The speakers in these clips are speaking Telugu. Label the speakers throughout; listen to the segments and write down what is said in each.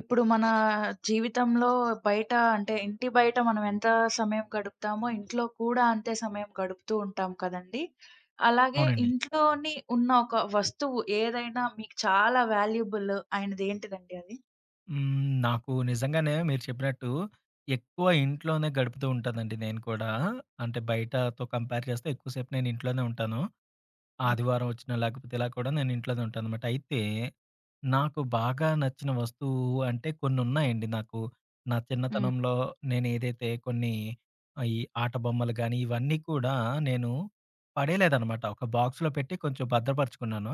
Speaker 1: ఇప్పుడు మనా, జీవితంలో బయట అంటే, ఇంటి బయట మనం ఎంత సమయం గడుపుతామో, ఇంట్లో కూడా అంతే సమయం గడుపుతూ ఉంటాం కదండీ! అలాగే,
Speaker 2: అవునండి.
Speaker 1: ఇంట్లోని ఉన్న ఒక వస్తువు ఏదైనా మీకు చాలా వాల్యూబుల్ అయినది ఏంటిదండి అది?
Speaker 2: హ్మ్. నాకు నిజంగానే మీరు చెప్పినట్టు, ఎక్కువ ఇంట్లోనే గడుపుతూ ఉంటానండి నేను కూడా, అంటే, బయటతో కంపేర్ చేస్తే ఎక్కువ సేపు నేను ఇంట్లోనే ఉంటాను.
Speaker 1: హ్మ్.
Speaker 2: ఆదివారం వచ్చినా, లేకపోతే ఇలా కూడా నేను ఇంట్లోనే ఉంటాననమాట. అయితే, నాకు బాగా నచ్చిన వస్తువు అంటే, కొన్ని ఉన్నాయండి నాకు. నా
Speaker 1: హ్మ్.
Speaker 2: చిన్నతనంలో నేనేదైతే కొన్ని, ఆయి ఆట బొమ్మలు గానీ, ఇవన్నీ కూడా, నేను పడేయలేదనమాట. ఒక బాక్స్‌లో పెట్టి కొంచెం భద్రపరుచుకున్నాను.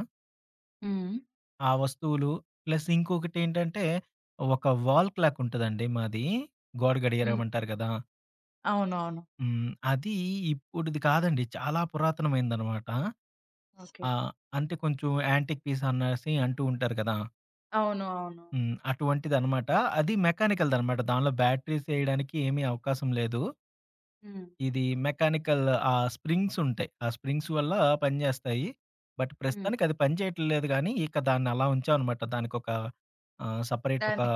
Speaker 1: హ్మ్. హ్మ్.
Speaker 2: ఆ వస్తువులు ప్లస్ ఇంకొకటేంటంటే, ఒక వాల్ క్లాక్ ఉంటదండి మాదీ, గోడ గడియారం
Speaker 1: హ్మ్.
Speaker 2: అంటారు కదా!
Speaker 1: అవునవును.
Speaker 2: హ్మ్. అది ఇప్పుడుది కాదండి, చాలా పురాతనమైందనమాట.
Speaker 1: ఓకే.
Speaker 2: ఆహ్, అంటే కొంచెం యాంటిక్ పీస్ అనేసి అంటూ ఉంటారు కదా!
Speaker 1: అవును. అవును.
Speaker 2: హ్మ్. అటువంటిదనమాట. అది మెకానికల్‌దనమాట. దానిలో బ్యాటరీస్‌ ఎయ్యడానికి ఏమీ అవకాశం లేదు.
Speaker 1: హ్మ్.
Speaker 2: ఇది మెకానికల్ ఆ స్ప్రింగ్స్ ఉంటాయి. ఆ స్ప్రింగ్స్ వల్ల పనిచేస్తాయి. బట్
Speaker 1: హ్మ్.
Speaker 2: ప్రస్తుతానికి అది పని చేయట లేదు కానీ, ఇక దాన్ని అలా ఉంచాం అనమాట. దానికొక, ఆహ్, సెపరేట్ ఒక
Speaker 1: దాని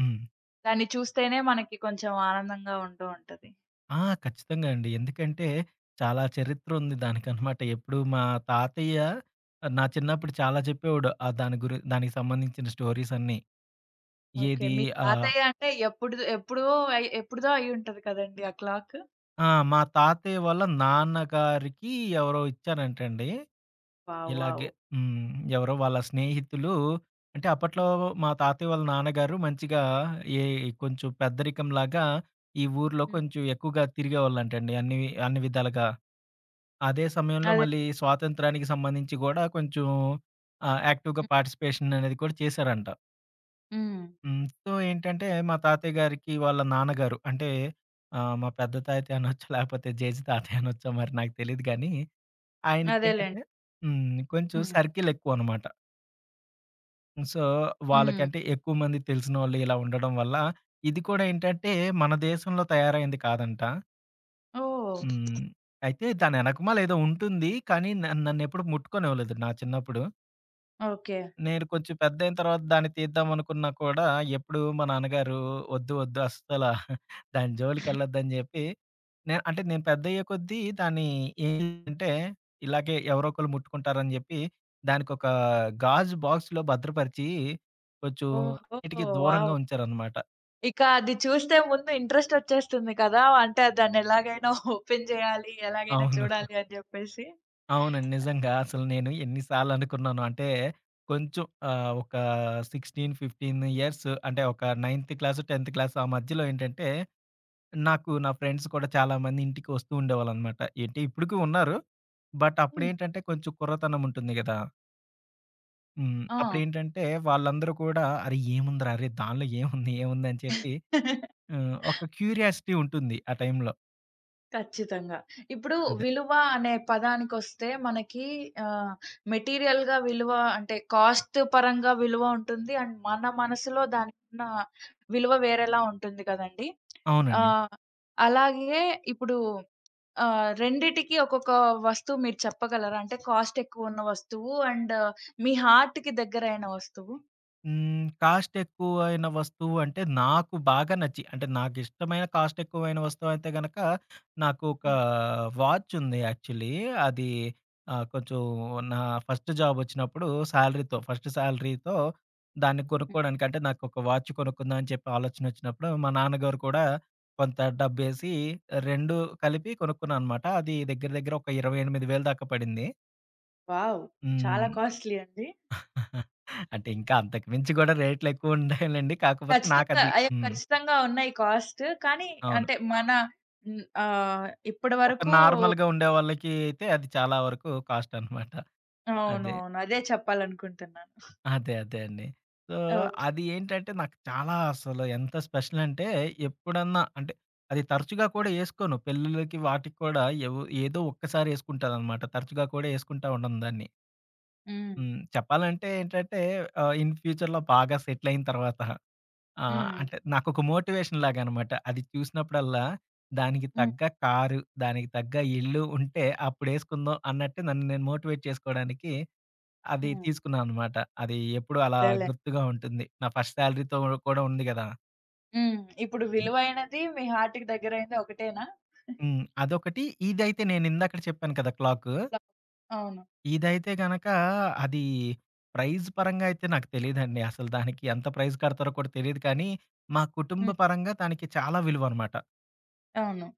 Speaker 2: హ్మ్.
Speaker 1: దాన్ని చూస్తేనే మనకి కొంచెం ఆనందంగా ఉంటూ ఉంటది.
Speaker 2: ఆ! ఖచ్చితంగా అండి. ఎందుకంటే, చాలా చరిత్రుంది దానికనమాట. ఎప్పుడు మా తాతయ్య ఆహ్, నా చిన్నప్పుడు చాలా జెప్పేవాడు. ఆ దాని గురి దానికి సంబంధించిన స్టోరీసన్నీ.
Speaker 1: ఓకే.
Speaker 2: ఏదీ
Speaker 1: మీ
Speaker 2: ఆహ్
Speaker 1: తాతయ్యంటే ఎప్పుడుదొ ఎప్పుడో అయ్ ఎప్పుడుదో అయ్యుంటది కదండీ ఆ క్లాకు.
Speaker 2: ఆ! మా తాతయ్య వాళ్ళ నాన్నగారికి ఎవరో ఇచ్చారంటండి.
Speaker 1: వావ్!
Speaker 2: ఇలాగే
Speaker 1: వావ్!
Speaker 2: హ్మ్. ఎవరో వాళ్ళ స్నేహితులూ అంటే, అప్పట్లో
Speaker 1: హ్మ్.
Speaker 2: వ్ మా తాతయ్య వాళ్ళ నాన్నగారు మంచిగా, ఏ ఇ కొంచుం పెద్దరికంలాగా ఈ ఊర్లో
Speaker 1: హ్మ్.
Speaker 2: కొంచెం ఎక్కువుగా తిరిగేవాళ్ళంటండి, అన్ని వి అన్ని విధాలుగా. అదే సమయంలో
Speaker 1: అదేలే.
Speaker 2: మళ్ళీ స్వాతంత్య్రానికి సంబంధించి గూడా కొంచుం ఆహ్, యాక్టివ్‌గా
Speaker 1: హ్మ్.
Speaker 2: పార్టిసిపేషననేది కూడా చేశారంట.
Speaker 1: హ్మ్.
Speaker 2: హ్మ్. సో, ఏంటంటే, మా తాతయ్య గారికి వాళ్ళ నాన్నగారు అంటే, ఆహ్, మా పెద్ద తాతయ్యనొచ్చు, లేపోతే జేజి తాతయ్యనొచ్చో మరి నాకు తెలీదు గానీ,
Speaker 1: అదేలేండి.
Speaker 2: ఆయనకేంటంటే హ్మ్. కొంచుం
Speaker 1: హ్మ్.
Speaker 2: సర్కిలెక్కువనమాట. సో,
Speaker 1: హ్మ్.
Speaker 2: వాళ్ళకంటే, ఎక్కువమంది తెలిసినోళ్ళు ఇలా ఉండడం వల్లా ఇది కూడా ఏంటంటే, మన దేశంలో తయారైంది కాదంట.
Speaker 1: ఓహ్!
Speaker 2: హ్మ్. అయితే దాని వెనకమాలే ఏదో ఉంటుంది. కానీ న నన్నెప్పుడూ ముట్టుకనివ్వలేదు నా చిన్నప్పుడు.
Speaker 1: ఓకే.
Speaker 2: నేను కొంచెం పెద్దయిన తర్వాత దాన్ని తీద్దామనుకున్నా కూడా, ఎప్పుడూ మా నాన్నగారు "వద్దు ,వద్దు అస్సల దాని జోలికిెళ్ళొద్దు" అని జేప్పి, నేన్ అంటే నేను పెద్దయ్యేకొద్దీ, దాన్ని ఏంటంటే, ఇలాగే ఎవరో ఒకళ్ళు ముట్టుకుంటారని చెప్పి, దానికొక గాజు బాక్స్‌లో భద్రపరిచి, కొంచెం
Speaker 1: ఓహో!
Speaker 2: అన్నిటికి దూరంగా
Speaker 1: వావ్!
Speaker 2: ఉంచారనమాట.
Speaker 1: ఇక అది చూస్తే ముందు ఇంట్రెస్ట్ వచ్చేస్తుంది కదా! అంటే, ఆ దాన్ని ఎలాగైన ఓపెన్ చేయాలి, ఎలాగైనా
Speaker 2: అవును.
Speaker 1: చూడాలి అని చెప్పేసి.
Speaker 2: అవునండి. నిజంగా అసలు నేను ఎన్ని సార్లు అనుకున్నానో అంటే, కొంచెం ఆహ్, ఒక 16, 15 ఇయర్స్ అంటే, ఒక 9థ్ క్లాస్, 10థ్ క్లాస్ ఆ మధ్యలో ఏంటంటే, నాకు నా ఫ్రెండ్స్ కూడా చాలామంది ఇంటికి వస్తూ ఉండేవాళ్ళనమాట. ఏటి ఇప్పటికి ఉన్నారు. బట్
Speaker 1: హ్మ్.
Speaker 2: అప్పుడేంటంటే కొంచెం కుర్రతనం ఉంటుంది కదా! హ్మ్.
Speaker 1: ఆ!
Speaker 2: అప్పుడేంటంటే, వాళ్ళందరూ కూడా "అరే! ఏముందిరా, అరే! దాన్లో ఏముంది, ఏముంది" అని చెప్పి, హ్మ్. ఒక క్యూరియాసిటీ ఉంటుంది ఆ టైంలో.
Speaker 1: ఖచ్చితంగా. ఇప్పుడు
Speaker 2: అదే.
Speaker 1: విలువ అనే పదానికొస్తే మనకి ఆహ్, మెటీరియల్‌గా విలువ అంటే కాస్ట్ పరంగా విలువ ఉంటుంది. అండ్ మన మనసులో దాకున్న విలువ వేరేలా ఉంటుంది కదండీ.
Speaker 2: అవునండి.
Speaker 1: ఆహ్, అలాగే ఇప్పుడు ఆహ్, 2కి ఒక్కొక్క వస్తువు మీరు చెప్పగలరా? అంటే కాస్టేక్కువ ఉన్న వస్తువు, అండ్ మీ హార్ట్‌కి దగ్గరైన వస్తువు?
Speaker 2: హ్మ్. కాస్ట్ ఎక్కువైన వస్తువు అంటే, నాకు బాగా నచ్చి, అంటే నాకిష్టమైన కాస్ట్ ఎక్కువైన వస్తువయితే గనక నాకు ఒక
Speaker 1: హ్మ్.
Speaker 2: వాచ్ ఉంది యాక్చువల్లీ. అది ఆహ్, కొంచెం నా ఫస్ట్ జాబ్ ఒచ్చినప్పుడు సాలరీతో ఫస్ట్ సాలరీతో, దాన్ని
Speaker 1: హ్మ్.
Speaker 2: కొనుక్కోడానికి అంటే నాకొక వాచ్ కొనుక్కుందాం అని చెప్పి ఆలోచనొచ్చినప్పుడు మా నాన్నగారు కూడా కొంత డబ్బేసి 2 కలిపి కొనుక్కున్నా అనమాట. అది దెగ్గర దెగ్గర ఒక 28,000 దాకా పడింది.
Speaker 1: వావ్! చాలా
Speaker 2: హ్మ్.
Speaker 1: కాస్ట్‌లీ అండి.
Speaker 2: అంటే ఇంకా అంతకు మించి కూడా రేట్లెక్కువ ఉండాయిలెండి. కాకపోతే
Speaker 1: ఖచ్చితంగా.
Speaker 2: నాకది
Speaker 1: అయ్యో!
Speaker 2: హ్మ్.
Speaker 1: ఖచ్చితంగా ఉన్నాయి కాస్ట్. కానీ
Speaker 2: అవును.
Speaker 1: అంటే, మన హ్మ్. ఆ! ఇప్పడి
Speaker 2: ఒక
Speaker 1: వరకు
Speaker 2: నార్మల్‌గా ఉండేవాళ్ళకి అయితే అది చాలా వరకు కాస్ట్ అనమాట. అదే.
Speaker 1: అవునవును. అదే చెప్పాలనుకుంటున్నాను.
Speaker 2: అదే, అదే అండి. So
Speaker 1: okay.
Speaker 2: అది ఏంటంటే నాకు చాలా అసలు ఎంత స్పెషల్ అంటే ఎప్పుడన్నా అంటే, అది తరచుగా కూడా ఏసుకోను. పెళ్ళిలకి వాటిక్కూడా ఎవో ఏదో ఒక్కసారి ఏసుకుంటాననమాట. తరచుగా కూడా ఏసుకుంటా ఉండను దాన్ని.
Speaker 1: హ్మ్.
Speaker 2: హ్మ్. చెప్పాలంటే ఏంటంటే ఆహ్, ఇన్ ఫ్యూచర్‌లో బాగా సెటిల్ అయిన తర్వాత. ఆ!
Speaker 1: హ్మ్.
Speaker 2: అంటే నాకొక మోటివేషన్ లాగనమాట. అది చూసినప్పుడల్లా దానికి
Speaker 1: హ్మ్.
Speaker 2: తగ్గ కారు, దానికి తగ్గ ఇల్లు ఉంటే, అప్పుడేసుకుందాం అన్నట్టు నన్ను నేను మోటివేట్ చేసుకోవడానికి, అది
Speaker 1: హ్మ్.
Speaker 2: తీసుకున్నా అనమాట. అది ఎప్పుడూ అలా
Speaker 1: అదేలే.
Speaker 2: గుర్తుగా ఉంటుంది. నా ఫస్ట్ సాలరీతో ఉడ కూడా ఉంది గదా!
Speaker 1: హ్మ్. ఇప్పుడు
Speaker 2: హ్మ్.
Speaker 1: విలువైనది, మీ హార్ట్‌కి దెగ్గరైంది ఒకటేనా? ఆ!
Speaker 2: హ్మ్. అదొకటి. ఇదైతే నేను ఇందాకడ చెప్పాను కదా! క్లాకు.
Speaker 1: [unintelligible] అవును.
Speaker 2: ఇదైతే గనక, అది ప్రైజ్ పరంగా అయితే నాకు తెలీదండి. అసలు దానికి ఎంత ప్రైజ్ కడతారో కూడా తెలీదు కానీ, మా కుటుంబ
Speaker 1: హ్మ్.
Speaker 2: పరంగా దానికి చాలా విలువనమాట.
Speaker 1: అవును.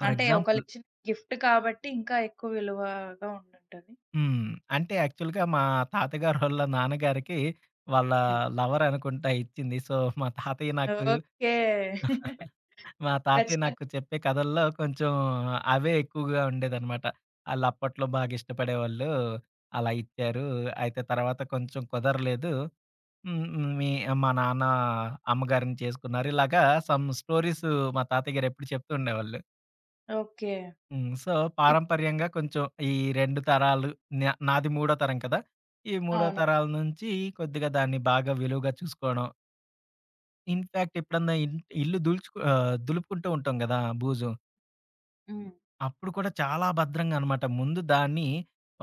Speaker 2: ఫర్
Speaker 1: అంటే
Speaker 2: ఎగ్జాంపుల్
Speaker 1: ఒకళ్లిచ్చిన గిఫ్ట్ కాబట్టి, ఇంకా ఎక్కువ విలువగా ఉంటుంటది.
Speaker 2: హ్మ్. అంటే, యాక్చువల్‌గా మా తాతగారోళ్ళ నాన్నగారికి, వాళ్ళ
Speaker 1: హ్మ్.
Speaker 2: లవరనుకుంటా ఇచ్చింది. సో, మా తాతయ్య నాకు
Speaker 1: ఓకే.
Speaker 2: మా తాతయ్య
Speaker 1: ఖచ్చితంగా.
Speaker 2: నాకు, చెప్పే కథల్లో కొంచెం, అవే ఎక్కువగా ఉండేదనమాట. ఆళ్ళప్పట్లో బాగా ఇష్టపడేవాళ్ళు, అలా ఇచ్చారు. అయితే తర్వాత కొంచెం కుదరలేదు. హ్మ్. హ్మ్. మీ మా నాన్నా, అమ్మగారిని చేసుకున్నారు. ఇలాగా సమ్ స్టోరీసు, మా తాతయ్యగారేప్పుడు చెప్తుండేవాళ్ళు.
Speaker 1: ఓకే.
Speaker 2: హ్మ్. సో,
Speaker 1: ఇప్
Speaker 2: పారంపర్యంగా కొంచెం, ఈ 2 తరాలు, నా నాది మూడో తరం కదా! ఈ మూడో
Speaker 1: అవును.
Speaker 2: తరాల నుంచి, కొద్దిగా దాన్ని బాగా విలువుగా చూసుకోవడం. ఇన్ ఫ్యాక్ట్ ఎప్పుడన్నా, ఇ ఇల్లు దులుచుకు ఆహ్, దులుపుకుంటూ ఉంటాం కదా! బుజూ.
Speaker 1: హ్మ్.
Speaker 2: అప్పుడు కూడా చాలా భద్రంగా అనమాట. ముందు దాన్ని,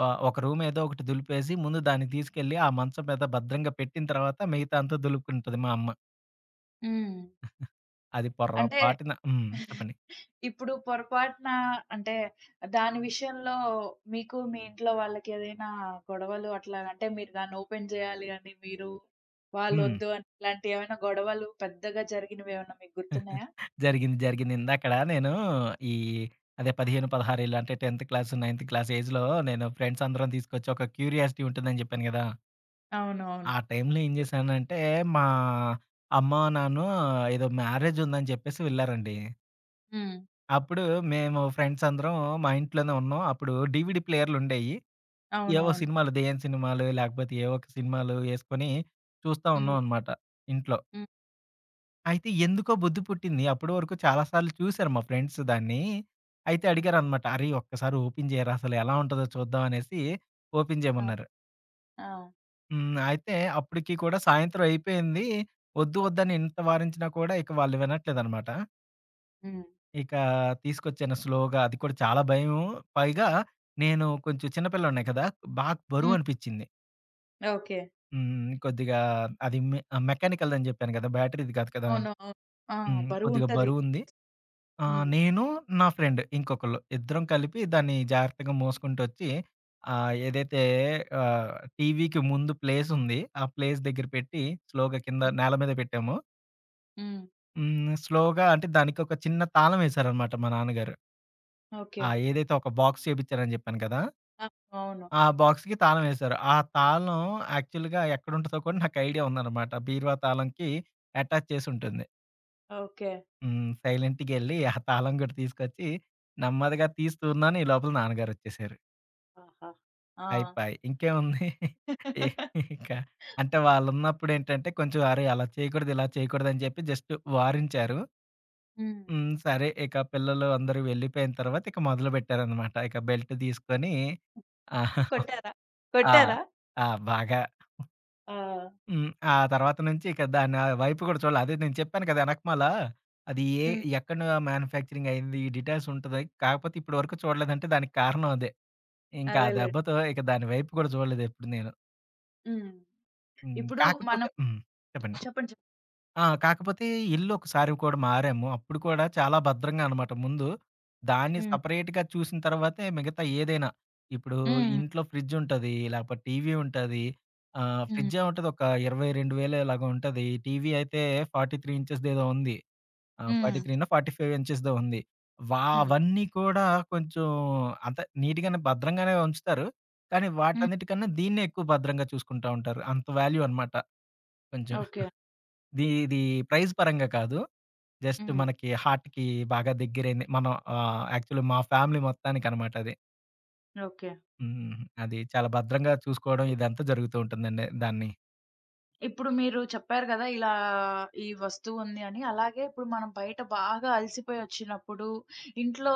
Speaker 2: ఆహ్, ఒక రూమ్ ఏదో ఒకటి దులిపేసి, ముందు దాన్ని తీసుకెళ్ళి, ఆ మచం మీద భద్రంగా పెట్టిన తర్వాత మిగతా అంతా దులుపుకుంటది మా అమ్మ.
Speaker 1: హ్మ్.
Speaker 2: అది పొర్ర
Speaker 1: అంటే,
Speaker 2: పాటున హ్మ్. చెప్పండి.
Speaker 1: ఇప్పుడు పొరపాటునా అంటే, దాని విషయంలో మీకు మీ ఇంట్లో వాళ్ళకి ఏదైనా గొడవలు అట్లా అంటే మీరు దాన్ని ఓపెన్ జేయాలి అండి మీరు,
Speaker 2: హ్మ్.
Speaker 1: వాళ్ళొద్దు అని ఇలాంటియి ఏమైనా గొడవలు పెద్దగా జరిగినవేమన్నా మీకు గుర్తున్నయా?
Speaker 2: జరిగింది. జరిగింది. ఇందాకడ నేనూ ఈ అదే 15, 16 అంటే 10 క్లాస్, నైన్త్ క్లాస్ ఏజ్‌లో నేను ఫ్రెండ్స్ అందరం తీసుకొచ్చి ఒక క్యూరియాసిటీ ఉంటదని జెప్పాను కదా!
Speaker 1: అవునవును.
Speaker 2: ఆ టైంలో ఏం జేశానంటే, మా అమ్మ నాన్న ఏదో మ్యారేజ్ ఉందని జెప్పేసి వెళ్లారండి.
Speaker 1: హ్మ్.
Speaker 2: అప్పుడు మేము ఫ్రెండ్స్ అందరం మా ఇంట్లోనే ఉన్నాం. అప్పుడు డీవీడీ ప్లేయర్లుండేయి. ఏవో
Speaker 1: అవునవును.
Speaker 2: సినిమాలు, దేయ్యం సినిమాలో లాకపోతే ఏవో ఒక సినిమాలు ఏసుకొని, చూస్తా ఉన్నాం
Speaker 1: హ్మ్.
Speaker 2: అనమాట. ఇంట్లో.
Speaker 1: హ్మ్.
Speaker 2: అయితే ఎందుకో బుద్ది పుట్టింది. అప్పుడు వరకు చాలా సార్లు చూసారు మా ఫ్రెండ్స్ దాన్ని. అయితే
Speaker 1: హ్మ్.
Speaker 2: అడిగారనమాట. "అరేయ్! ఒక్కసారి ఓపెన్ జేయరా అసలు ఎలా ఉంటదో చూద్దాం" అనేసి, ఓపెన్
Speaker 1: ఆహ్,
Speaker 2: జేయమన్నారు.
Speaker 1: ఆ!
Speaker 2: హ్మ్. అయితే అప్పటికి కూడా సాయంత్రం అయిపోయింది, వద్దు, వద్దని ఇంత వారించినా కూడా ఇక వాళ్ళు వినట్లేదనమాట.
Speaker 1: హ్మ్.
Speaker 2: ఇకా తీసుకొచ్చను. స్లోగా అది కూడా చాలా భయము. పైగా నేను కొంచెం చిన్న పిల్లోడ్నే కదా! బాగా బరువు
Speaker 1: హ్మ్.
Speaker 2: అనిపించింది.
Speaker 1: ఓకే.
Speaker 2: హ్మ్, హ్మ్. కొద్దిగా అది మె మెకానికల్ దని చెప్పాను కదా! బ్యాటరీది కాదు కదా!
Speaker 1: అవును. అవ్ ఆ!
Speaker 2: హ్మ్.
Speaker 1: బరువు
Speaker 2: కొద్దిగా
Speaker 1: ఉంటది.
Speaker 2: బరువుంది. ఆ!
Speaker 1: హ్మ్.
Speaker 2: నేను నా ఫ్రెండ్. ఇంకొకళ్ళు. ఇద్దరం కలిపి దాన్ని జాగ్రత్తగా మోసుకుంటొచ్చి. ఆహ్, ఏదైతే ఆహ్, టీవీకి ముందు ప్లేసుంది. ఆ ప్లేస్ దగ్గర పెట్టి. స్లోగా కింద
Speaker 1: హ్మ్.
Speaker 2: నేల మీద పెట్టాము.
Speaker 1: హ్మ్.
Speaker 2: హ్మ్. స్లోగా అంటే, దానికి ఒక చిన్న తాళం వేశారనమాట. మా నాన్నగారు. ఆ!
Speaker 1: ఓకే.
Speaker 2: ఏదైతే ఒక బాక్స్ చేపించారని చెప్పాను కదా!
Speaker 1: ఆ! అవును.
Speaker 2: ఆ బాక్స్‌కి తాళం వేశారు. ఆ తాళం యాక్చువల్‌గా ఎక్కడుంటాదో కూడా నాకు ఐడియా ఉందనమాట. బీర్వా తాళంకి అటాచ్ చేసింటుంది.
Speaker 1: ఓకే.
Speaker 2: హ్మ్. సైలెంట్‌గెళ్ళి. ఆ తాళం కూడా తీసుకొచ్చి. నెమ్మదిగా తీసతూన్నాను. ఈ లోపల నాన్నగారొచ్చేేశారు.
Speaker 1: ఆహా! ఆ!
Speaker 2: అయిపయి. ఇంకేముంది, ఇంక అంటే, వాళ్ళున్నప్పుదేంటంటే కొంచెం, "అరేయ! అలా చేయకూడదు, ఇలా చేయకూడదు" అని చెప్పి జస్ట్ వారంచారు.
Speaker 1: హ్మ్.
Speaker 2: హ్మ్. సరే, ఇక పిల్లలు అందరూ వెళ్ళిపోయిన తర్వాత ఇక మొదలుపెట్టారనమాట. ఇక బెల్ట్ తీసుకొని
Speaker 1: కొట్టారా?
Speaker 2: ఆ!
Speaker 1: కొట్టారా?
Speaker 2: ఆ! బాగా
Speaker 1: ఆ!
Speaker 2: హ్మ్, ఆ తర్వాత నుంచి ఇక దాన్నా వైపు కూడా చూడల. అదే నేను చెప్పాను కదా వెనకమాల, అది ఏ
Speaker 1: హ్మ్.
Speaker 2: ఎక్కడను మ్యాన్యుఫ్యాక్చరింగయింది. ఈ డీటైల్స్ ఉంటది. కాకపోతే ఇప్పటి వరకు చూడలేదంటే దానికి కారణం అదే. ఇంకా ఆ
Speaker 1: అదేలెండి.
Speaker 2: దెబ్బతో, ఇక దాని వైపు కూడా చూడలేదు ఎప్పుడు నేను.
Speaker 1: హ్మ్.
Speaker 2: హ్మ్.
Speaker 1: ఇప్పుడు
Speaker 2: కాకపోతే
Speaker 1: మనం
Speaker 2: హ్మ్. చెప్పండి.
Speaker 1: చెప్పండి చెప్ప
Speaker 2: ఆ! కాకపోతే ఇల్లు ఒకసారి కూడా మారాము. అప్పుడు కూడా చాలా భద్రంగా అనమాట ముందు. దాన్ని
Speaker 1: హ్మ్.
Speaker 2: సపరేట్‌‌గా చూసిన తరువాతే మిగతా ఏదైనా. ఇప్పుడు
Speaker 1: హ్మ్.
Speaker 2: ఇంట్లో ఫ్రిడ్జ్ ఉంటది. లాకపోతే టీవీ ఉంటది. ఆ!
Speaker 1: హ్మ్.
Speaker 2: ఫ్రిడ్జ్ ఏముంటది ఒక 22000 ఇలాగా ఉంటది. ఈ టీవీ అయితే 43 ఇంచెస్ ఏదో ఉంది. ఆహ్, ఫార్టీ
Speaker 1: హ్మ్.
Speaker 2: త్రీనో, ఫార్టీ ఫైవో ఇంచెస్‌దో ఉంది. వ
Speaker 1: హ్మ్.
Speaker 2: అవన్నీ కూడా కొంచెం అంత నిట్‌గానే భద్రంగానే ఉంచుతారు. కానీ
Speaker 1: హ్మ్.
Speaker 2: వాటన్నిటికన్నా దీన్నే ఎక్కువ భద్రంగా చూసుకుంటా ఉంటారు. అంత వాల్యూ అనమాట. కొంచెం.
Speaker 1: ఓకే.
Speaker 2: ది ఇది ప్రైజ్‌ పరంగా కాదు. జస్ట్
Speaker 1: హ్మ్.
Speaker 2: మనకి హార్ట్‌కి బాగా దగ్గరైంది మనం ఆహ్, యాక్చువల్ మా ఫ్యామిలీ మొత్తానికనమాట అది.
Speaker 1: ఓకే.
Speaker 2: హ్మ్. అది చాలా భద్రంగా చూసుకోవడం ఇదంతా జరుగుతూ ఉంటుందండి దాన్ని.
Speaker 1: ఇప్పుడు మీరు చెప్పారు గదా! ఇలా ఈ వస్తువుంది అని. అలాగే ఇప్పుడు మనం బయట బాగా అలసిపోయి ఒచ్చినప్పుడు ఇంట్లో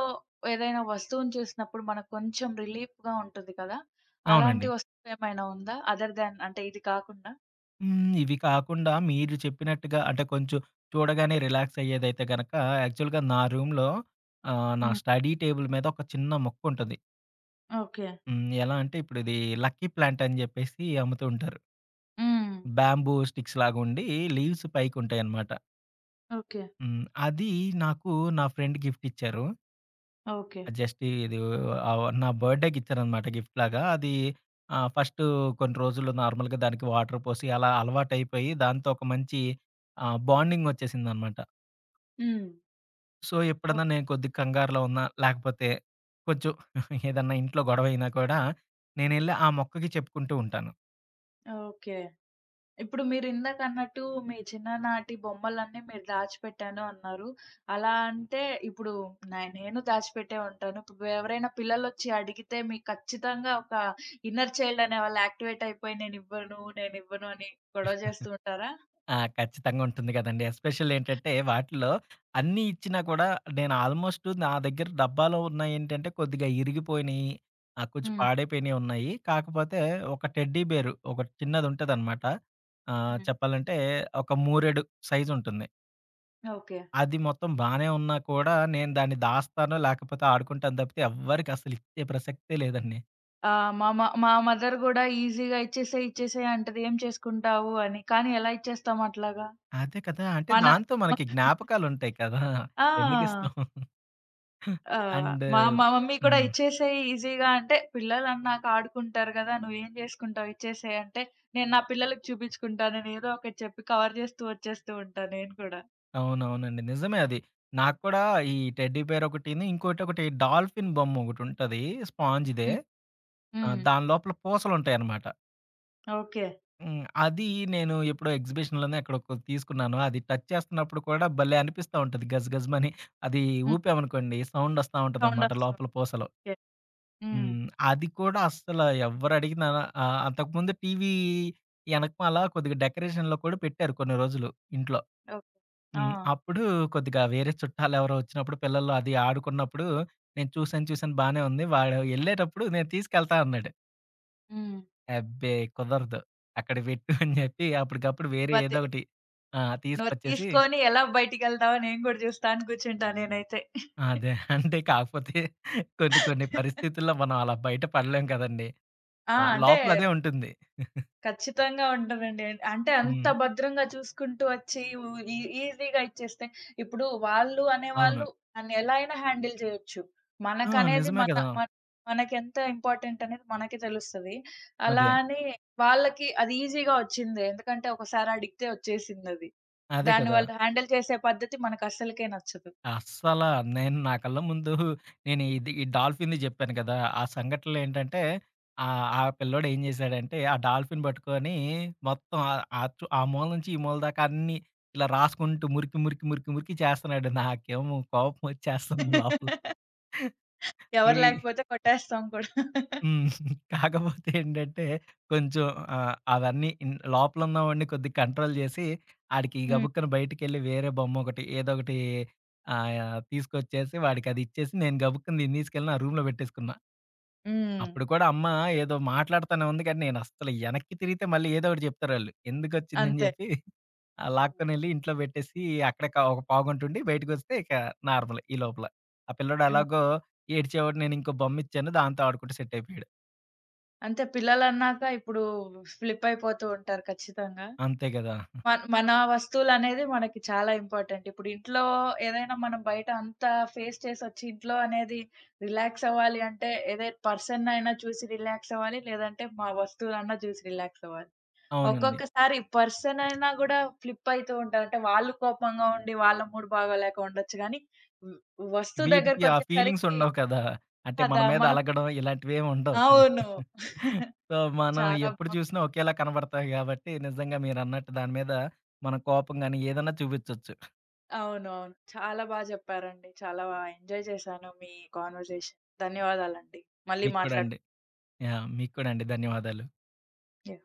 Speaker 1: ఏదైనా వస్తువుని చూసినప్పుడు. మనకు కొంచెం రిలీఫ్‌గా ఉంటుంది కదా! అలాంటి
Speaker 2: అవునండి.
Speaker 1: వస్తువేమైనా ఉందా? అదర్‌ దెన్ అంటే ఇది కాకుండా?
Speaker 2: హ్మ్. ఇవి కాకుండా మీరు చెప్పినట్టుగా అంటే, కొంచెం చూడగానే రిలాక్స్ అయ్యేదైతే గనుక, యాక్చువల్‌గా నా రూమ్‌లో ఆహ్, నా
Speaker 1: హ్మ్.
Speaker 2: స్టడీ టేబుల్ మీద ఒక చిన్న మొక్క ఉంటది.
Speaker 1: ఓకే.
Speaker 2: హ్మ్. ఎలా అంటే ఇప్పుడిది లక్కీ ప్లాంట్ అని జేప్పేసి అమ్ముతూ ఉంటారు.
Speaker 1: హ్మ్.
Speaker 2: బేంబూ స్టిక్స్‌లాగా ఉండి లీవ్స్ పైకి ఉంటాయన్నమాట.
Speaker 1: ఓకే.
Speaker 2: హ్మ్. అది నాకు నా ఫ్రెండ్ గిఫ్ట్ ఇచ్చారు.
Speaker 1: ఓకే.
Speaker 2: ఆ జస్ట్ ఇది ఆ నా బర్త్‌డే‌కి ఇచ్చారనమాట గిఫ్ట్‌లాగా అది. ఆ! ఫస్టూ కొన్ని రోజులు నార్మల్‌గా దానికి వాటర్ పోసి అలా అలవాటైపోయి, దాంతో ఒక మంచి ఆహ్, బాండింగ్ వచ్చేసిందనమాట.
Speaker 1: హ్మ్.
Speaker 2: సో,
Speaker 1: ఓక్
Speaker 2: ఎప్పుడన్నా నేను కొద్దిగా కంగారులో ఉన్నా, లాకపోతే కచెం ఏదన్నా ఇంట్లో గొడవ అయినా కూడా నేనెళ్ళి ఆ మొక్కకి చెప్పుకుంటూ ఉంటాను.
Speaker 1: ఓకే. ఇప్పుడు మీరు ఇందాకన్నట్టు మీ చిన్ననాటి బొమ్మలన్నీ మీరు దాచిపెట్టాను అన్నారు. అలా అంటే, ఇప్పుడు నే నేను దాచిపెట్టే ఉంటాను. ఇప్పు ఎవరైనా పిల్లలోచ్చి అడిగితే మీకు ఖచ్చితంగా ఒక ఇన్నర్ చైల్డ్ అనేవాళ్ళు యాక్టివేట్ అయిపోయి నేనివ్వను, నేనివ్వను అని గొడవ చేస్తూ ఉంటారా?
Speaker 2: ఆ! ఖచ్చితంగా ఉంటుంది కదండీ. ఎస్పెషల్లీ ఏంటంటే, వాటిలో అన్నీ ఇచ్చినా కూడా నేను ఆల్మోస్ట్ నా దగ్గర డబ్బాలో ఉన్నయి ఏంటంటే, కొద్దిగా ఇరిగిపోయినయి, ఆ కొంచెం
Speaker 1: హ్మ్.
Speaker 2: పాడయిపోయినయి ఉన్నాయి. కాకపోతే ఒక టెడ్డీ బేరు ఒక చిన్నది ఉంటదనమాట. ఆహ్,
Speaker 1: హ్మ్.
Speaker 2: చెప్పాలంటే, ఒక మూరెడు సైజ్ ఉంటుంది.
Speaker 1: ఓకే.
Speaker 2: అది మొత్తం బానే ఉన్నా కూడా, నేను దాన్ని దాస్తాను, లాకపోతే ఆడుకుంటాను తప్పితే ఎవ్వరికి అసలు ఇచ్చే ప్రసక్తే లేదండి.
Speaker 1: ఆ! మా మ మా మదర్ గూడా ఈజీగా "ఇచ్చేసేయి, ఇచ్చేసేయి" అంటది "ఏం చేసుకుంటావు" అని, కానీ, ఎలా ఇచ్చేస్తాం అట్లాగా?
Speaker 2: అదే కదా! అంటే
Speaker 1: మన
Speaker 2: దాంతో మనకి జ్ఞాపకాలుంటాయి కదా!
Speaker 1: ఆ!
Speaker 2: ఎందుకిస్తాం?
Speaker 1: ఆహ్,
Speaker 2: అండ్
Speaker 1: మా మ మమ్మీ కూడా
Speaker 2: హ్మ్.
Speaker 1: "ఇచ్చేసేయి" ఈజీగా అంటే "పిల్లలన్నాక ఆడుకుంటారు కదా! నువ్వేం చేసుకుంటావు ఇచ్చేసేయి" అంటే "నేను నా పిల్లలకి చూపించుకుంటాను" అని ఏదో ఒకటి చెప్పి, కవర్ చేస్తూ, వచ్చేస్తూ ఉంటా నేను కూడా.
Speaker 2: అవునవునండి. నిజమే అది. నాకు కూడా ఈ టెడ్డీ బీర్ ఒకటిని. ఇంకోటి ఒకటి డాల్ఫిన్ బొమ్మ ఒకటి ఉంటది స్పాంజ్‌దే.
Speaker 1: హ్మ్.
Speaker 2: ఆ!
Speaker 1: హ్మ్.
Speaker 2: దాని లోపల పూసలుంటాయన్నమాట.
Speaker 1: ఓకే.
Speaker 2: హ్మ్. అది నేను ఎప్పుడో ఎగ్జిబిషన్‌లోనే ఎక్కడొ కొ తీసుకున్నాను. అది టచ్ చేస్తున్నప్పుడు కూడా భలే అనిపిస్తా ఉంటది గజ గజమని. అది
Speaker 1: హ్మ్.
Speaker 2: ఊపామనుకోండి, సౌండొస్తా
Speaker 1: సౌండ్
Speaker 2: ఉంటదనమాట
Speaker 1: ఒస్తాది.
Speaker 2: లోపల పూసలో.
Speaker 1: ఓకే. హ్మ్.
Speaker 2: హ్మ్. అది కూడా అస్సలు ఎవ్వరడిగిన ఆహ్, అంతకుముందు టీవీ ఎనకమలా కొద్దిగా డెకరేషన్‌లో కూడా పెట్టారు కొన్ని రోజులు ఇంట్లో,
Speaker 1: ఓకే.
Speaker 2: హ్మ్.
Speaker 1: ఆ!
Speaker 2: అప్పుడు కొద్దిగా వేరే చుట్టాలెవరో ఒచ్చినప్పుడు, పిల్లలు అది ఆడుకున్నప్పుడు నేను చూసాను చూసాను బానే ఉంది. వాడు ఎళ్ళేటప్పుడు "నేను తీసుకెళ్తా" అన్నాడు.
Speaker 1: హ్మ్.
Speaker 2: అబ్బే కుదరదు. "అక్కడ పెట్టు" అని చెప్పి అప్పటికప్పుడు వేరే
Speaker 1: అదే.
Speaker 2: ఏదో ఒకటి ఆ!
Speaker 1: నువ్వది
Speaker 2: తీసుకొచ్చేసి
Speaker 1: తీసుకొని ఎలా బయటికెళ్తావో నేను కూడా జూస్తా అని కూర్చుంటా నేనైతే.
Speaker 2: అదే అంటే కాకపోతే కొన్ని కొన్ని పరిస్థితుల్లో మనం అలా బయట పడలేం కదండీ!
Speaker 1: ఆ!
Speaker 2: ఆ!
Speaker 1: అంటే
Speaker 2: లోపలదే ఉంటుంది.
Speaker 1: ఖచ్చితంగా ఉంటదండి. అంటే, అంత
Speaker 2: హ్మ్.
Speaker 1: భద్రంగా చూసుకుంటూ వచ్చి వు ఈ ఈజీగా ఇచ్చేస్తే ఇప్పుడు వాళ్ళు
Speaker 2: అవును.
Speaker 1: అనేవాళ్ళు దాన్ని ఎలా అయినా హ్యాండిల్ చేయొచ్చు.
Speaker 2: ఆ!
Speaker 1: మనకనేది
Speaker 2: నిజమే
Speaker 1: మన,
Speaker 2: కదా!
Speaker 1: మన మనకెంత ఇంపార్టెంటనేది మనకి తెలుస్తది. అలా
Speaker 2: అదే.
Speaker 1: అని, వాళ్ళకి అది ఈజీగా ఒచ్చింది. ఎందుకంటే, ఒకసారడిగతే ఒచ్చేసిందది.
Speaker 2: అదే
Speaker 1: దాని
Speaker 2: కదా!
Speaker 1: వల్ల హ్యాండిల్ చేసే పద్ధతి మనకస్సలకే నచ్చదు.
Speaker 2: అస్సలా నేను నా కల్ల ముందూ నేను ఇది ఈ డాల్ఫిన్‌ని చెప్పాను కదా! ఆ సంఘటనలేంటంటే, ఆహ్, ఆ పిల్లోడేం జేశాడంటే ఆ డాల్ఫిన్ పట్టుకొని మొత్తం ఆహ్, ఆహ్, చు ఆ మూల నుంచి ఈ మూల దాకా అన్నీ ఇలా రాసుకుంటూ మురికి, మురికి, మురికి, మురికి చేస్తున్నాడు నాకేమో కోపమొచ్చేస్తంది లోపల.
Speaker 1: ఎవరు
Speaker 2: రేయ్!
Speaker 1: లాకపోతే కొట్టేస్తాం కూడా.
Speaker 2: హ్మ్. కాకపోతే ఏంటంటే, కొంచెం ఆహ్, అవన్నీ ఇన్ లోపలున్నవాడిని కొద్దిగా కంట్రోల్ చేసి ఆడికి
Speaker 1: హ్మ్.
Speaker 2: గబుక్కన బయటికెళ్ళి వేరే బొమ్మొకటి ఏదోకటి ఆహ్, యాహ్! తీసుకొచ్చేసి, వాడికదిచ్చేసి నేను గబుక్కుంది నేను తీసుకెళ్ళి నా రూమ్‌లో పెట్టేసుకున్నా.
Speaker 1: హ్మ్.
Speaker 2: అప్పుడు కూడా అమ్మ ఏదో మాట్లాడుతానే ఉంది కానీ నేను అస్సలు ఎనక్కి తిరిగితే మళ్ళీ ఏదో ఒకటి చెప్తారాళ్ళు. ఎందుకొచ్చిందని
Speaker 1: అంతే.
Speaker 2: చెప్పి, ఆహ్, లాక్కొనెళ్ళి ఇంట్లో పెట్టేసి అక్కడే కా ఒక పావుగంటంటుండి బయటికొస్తే ఇక నార్మలే ఈ లోపల. ఆ పిల్లోడు
Speaker 1: ఆ!
Speaker 2: ఎలాగో ఏడ్చేవాడు నేనింకో బొమ్మిచ్చాను దాంతో ఆడుకుంటూ సెట్టయిపోయాడు.
Speaker 1: అంతే పిల్లలన్నాక ఇప్పుడు స్లిప్పయిపోతూ ఉంటారు ఖచ్చితంగా.
Speaker 2: అంతే గదా!
Speaker 1: మ మన వస్తువులనేది మనకి చాలా ఇంపార్టెంట్ ఇప్పుడింట్లో ఏదైనా మనం బయట అంతా ఫేస్ చేసొచ్చి ఇంట్లో అనేది రిలాక్సవ్వాలి అంటే, ఏదే పర్సన్‌నైనా చూసి రిలాక్స్ అవ్వాలి, లేదంటే మా వస్తువులన్నా చూసి రిలాక్స్ అవ్వాలి.
Speaker 2: అవునండి.
Speaker 1: ఒక్కొక్కసారి పర్సనైనా కూడా ఫ్లిప్పైతూ ఉంటరు. అంటే, వాళ్ళు కోపంగా ఉండి వాళ్ళ మూడు భాగ లేక ఉండొచ్చు. కానీ వ వస్తువు
Speaker 2: వీటికి ఆ
Speaker 1: దగ్గరకొచ్చేసరికి
Speaker 2: ఫీలింగ్సుండవు కదా! అంటే మన
Speaker 1: కదా!
Speaker 2: మీద
Speaker 1: మనం
Speaker 2: అలగడం ఇలాంటివేం ఉండవు కదా!
Speaker 1: అవును.
Speaker 2: సో, మనం
Speaker 1: చాలా
Speaker 2: ఎప్పుడు
Speaker 1: బా
Speaker 2: జూసినా ఒకేలా కనబడతాయి కాబట్టి నిజంగా మీరన్నట్టు దాని మీద మనం కోపంగాని ఏదన్నా చూపిచొచ్చు.
Speaker 1: అవునవును. చాలా బా చెప్పారండి. చాలా బా ఎంజాయ్ చేశాను మీ కాన్వర్‌జేషన్. ధన్యవాదాలండి. మళ్ళీ
Speaker 2: మీకు కూడా
Speaker 1: మాట్లాడ
Speaker 2: అండి. యాహ్! మీకు కూడా అండి. ధన్యవాదాలు.
Speaker 1: యాహ్!